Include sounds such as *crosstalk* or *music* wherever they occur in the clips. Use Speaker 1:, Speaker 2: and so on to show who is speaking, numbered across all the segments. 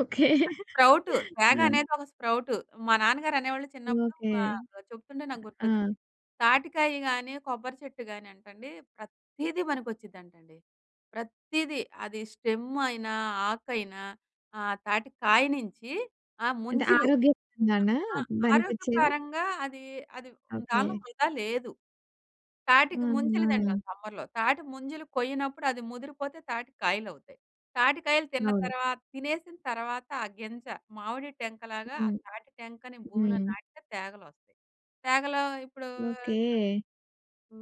Speaker 1: Okay.
Speaker 2: అది sprout. తేగ
Speaker 1: ఆ!
Speaker 2: అనేది ఒక స్ప్రౌటు. మా నాన్నగారనేవొళ్ళు చిన్నప్పుడు
Speaker 1: ఓకే.
Speaker 2: వా చెప్తుంటే నాకు గుర్తొచ్చింది.
Speaker 1: ఆ!
Speaker 2: తాటికాయ గానీ, కొబ్బరి చెట్టు గానంటండి, ప్రతీదీ పనికొచ్చిద్దంటండి. ప్రతీదీ. అది స్టెమ్ అయినా, ఆకయినా ఆహ్, తాటికాయ నించి ఆ
Speaker 1: అంటే
Speaker 2: ముంజులు ఆ
Speaker 1: ఆరోగ్యపరంగానా
Speaker 2: ఆ ఆరోగ్య
Speaker 1: బనికొచ్చేది?
Speaker 2: పరంగా అది అది దాంట్లో
Speaker 1: ఓకే.
Speaker 2: వృదా లేదు. తాటిక ముంజలు దింటాం
Speaker 1: ఆహా!
Speaker 2: సమ్మర్‌లో, తాటి ముంజలు కొయ్యనప్పుడు అది ముదిరిపోతే తాటి కాయలవుతాయి. తాటికాయలు తిన్న
Speaker 1: అవును.
Speaker 2: తర్వా తినేసిన తర్వాత ఆ గింజ మామిడి టెంకలాగా ఆ
Speaker 1: హ్మ్.
Speaker 2: తాటి టెంకని భూమిలో
Speaker 1: హ్మ్.
Speaker 2: నాటితే తేగలొస్తాయి. తేగలో ఇప్పుడు
Speaker 1: ఓకే.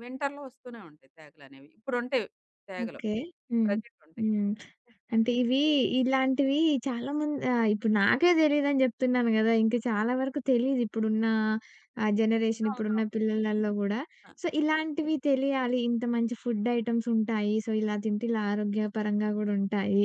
Speaker 2: వింటర్‌లో ఒస్తూనే ఉంటాయి తేగలనేవి ఇప్పుడు ఉంటాయి తేగలు
Speaker 1: ఓకే. హ్మ్.
Speaker 2: ప్రెజెంట్ ఉంటాయి.
Speaker 1: హ్మ్. అంటే ఇవి, ఇలాంటివి చాలా మం ఆహ్, ఇప్పుడు నాకే దెలిదని జెప్తున్నాను కదా! ఇంకా చాలా వరకు తెలీదు ఇప్పుడున్న ఆహ్, జనరేషన్ ఇప్పుడు ఉన్న
Speaker 2: అవునవును.
Speaker 1: పిల్లలలో గూడా.
Speaker 2: ఆ!
Speaker 1: సో, ఇలాంటివి తెలియాలి, ఇంత మంచి ఫుడ్ ఐటెమ్సుంటాయి సో, ఇలా తింటే ఇలా ఆరోగ్యపరంగా గూడుంటాయి,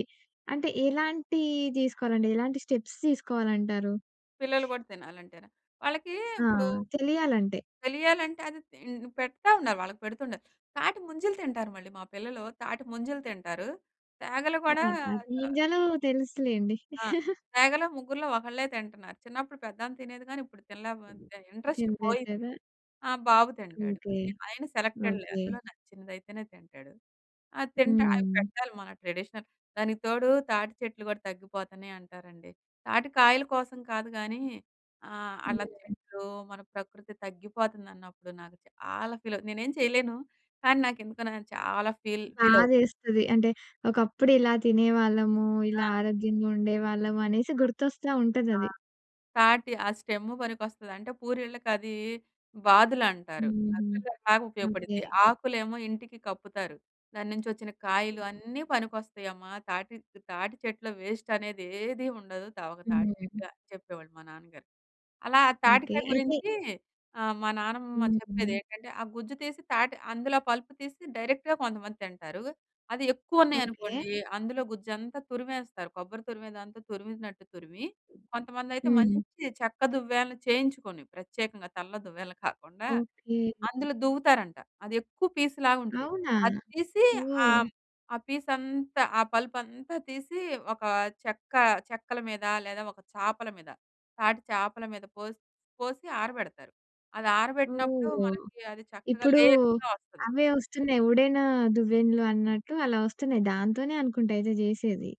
Speaker 1: అంటే ఎలాంటి దీసుకోలంటే ఎలాంటి స్టెప్స్ తీసుకోవాలంటారు?
Speaker 2: పిల్లలు గూడా తినాలంటేనా? వాళ్ళకి
Speaker 1: ఆ!
Speaker 2: ఇప్పుడు,
Speaker 1: తెలియాలంటే?
Speaker 2: తెలియాలంటే అది తిం పెడతా ఉన్నారు, వాళ్ళకి పెడతుండాలి. తాటి ముంజలు తింటారు మళ్ళీ మా పిల్లలు తాటి ముంజలు తింటారు. తేగలు
Speaker 1: ఆ!
Speaker 2: కూడా
Speaker 1: తాటి
Speaker 2: ఆహ్
Speaker 1: ముంజలు తెలుసులెండి.
Speaker 2: ఆ!
Speaker 1: *chuckles*
Speaker 2: తేగలో ముగ్గురిలో ఒకళ్ళే తింటన్నారు. చిన్నప్పుడు పెద్ధా ఆమె తినేది గాని ఇప్పుడు తినలేపోతుంది ఇంట్రెస్ట్
Speaker 1: తినలేదు
Speaker 2: పోయింది.
Speaker 1: గదా!
Speaker 2: ఆ! బాబు తింటాడు.
Speaker 1: ఓకే.
Speaker 2: ఆయన సెలెక్టెడ్‌లే
Speaker 1: ఓకే.
Speaker 2: అందులో నచ్చినదయితేనే తింటాడు. అది తింట అవి
Speaker 1: హ్మ్.
Speaker 2: పెట్టాలి మన ట్రెడిషనల్ దానికి తోడు తాటి చెట్లు గూడా తగ్గిపోతున్నాయి అంటారండి. తాటికాయల కోసం కాదు గానీ, ఆహ్, అలా
Speaker 1: హ్మ్.
Speaker 2: చెట్లు మన ప్రకృతి తగ్గిపోతుందన్నప్పుడు నాకు చాలా ఫీల్ అవు నేనేం చేయలేను కానీ నాకెందుకు నేను చాలా ఫీల్, ఫీల్ అవు
Speaker 1: బాదేస్తది. అంటే, ఒకప్పుడు ఇలా తినేవాళ్ళము,
Speaker 2: ఆ!
Speaker 1: ఇలా ఆరోగ్యంగా ఉండేవాళ్ళము అనేసి
Speaker 2: ఆ!
Speaker 1: గుర్తొస్తా
Speaker 2: ఆ!
Speaker 1: ఉంటదది.
Speaker 2: తాటి ఆ స్టెమ్ పనికొస్తది. అంటే పూరిళ్ళకి అది బాదులంటారు.
Speaker 1: హుహుహు.
Speaker 2: అందుకే బా
Speaker 1: ఓకే.
Speaker 2: ఉపయోగపడుద్ది. ఆకులేమో ఇంటికి కప్పుతారు. దాని నుంచి ఒచ్చిన కాయలు అన్నీ పనికొస్తాయమ్మా. తాటి తాటి చెట్లు వెస్ట్ అనేది ఏదీ ఉండదు. తా ఒక తాటి చెక్క
Speaker 1: హ్మ్.
Speaker 2: అని చెప్పేవాళ్ళు మా నాన్నగారు. అలా
Speaker 1: ఓకే.
Speaker 2: తాటికాయ
Speaker 1: అయితే
Speaker 2: గురించి ఆహ్, మా నానమ్మ
Speaker 1: హ్మ్.
Speaker 2: చెప్పేది
Speaker 1: హ్మ్.
Speaker 2: ఏంటంటే, ఆ గుజ్జు తీసి తాటి అందులో పలుపు తీసి డైరెక్ట్‌గా కొంతమంది తింటారు. అది ఎక్కువ ఉన్నాయి
Speaker 1: ఓకే.
Speaker 2: అనుకోండి అందులో గుజ్జంతా తురిమేస్తారు కొబ్బరి తురిమేదంతా తురిమినట్టు తురిమి కొంతమందయితే
Speaker 1: హ్మ్.
Speaker 2: మంచి చెక్క దువ్వెనలు చేయించుకొని, ప్రత్యేకంగా తల్లో దువ్వేలను కాకుండా
Speaker 1: ఓకే.
Speaker 2: అందులో దువ్వుతారంట. అది ఎక్కువ పీసులాగుంటది.
Speaker 1: అవునా?
Speaker 2: అది తీసి
Speaker 1: ఓహ్!
Speaker 2: ఆహ్, ఆ పీసంతా ఆ పలుపంతా తీసి ఒక చెక్క చెక్కల మీద లేదా ఒక చాపల మీద తాటి చేపల మీద పోసి పోసి ఆరబెడతారు. అది ఆరబెట్టినప్పుడు
Speaker 1: ఓహ్!
Speaker 2: మనకి అది చక్కగా
Speaker 1: ఇప్పుడు,
Speaker 2: లేయర్స్‌గా ఒస్తది.
Speaker 1: అవే వస్తున్నాయి. ఊడెను దువ్వెనలు అన్నట్టు అలా వస్తున్నాయి. దాంతోనే అనుకుంటా అయితే జేసేది.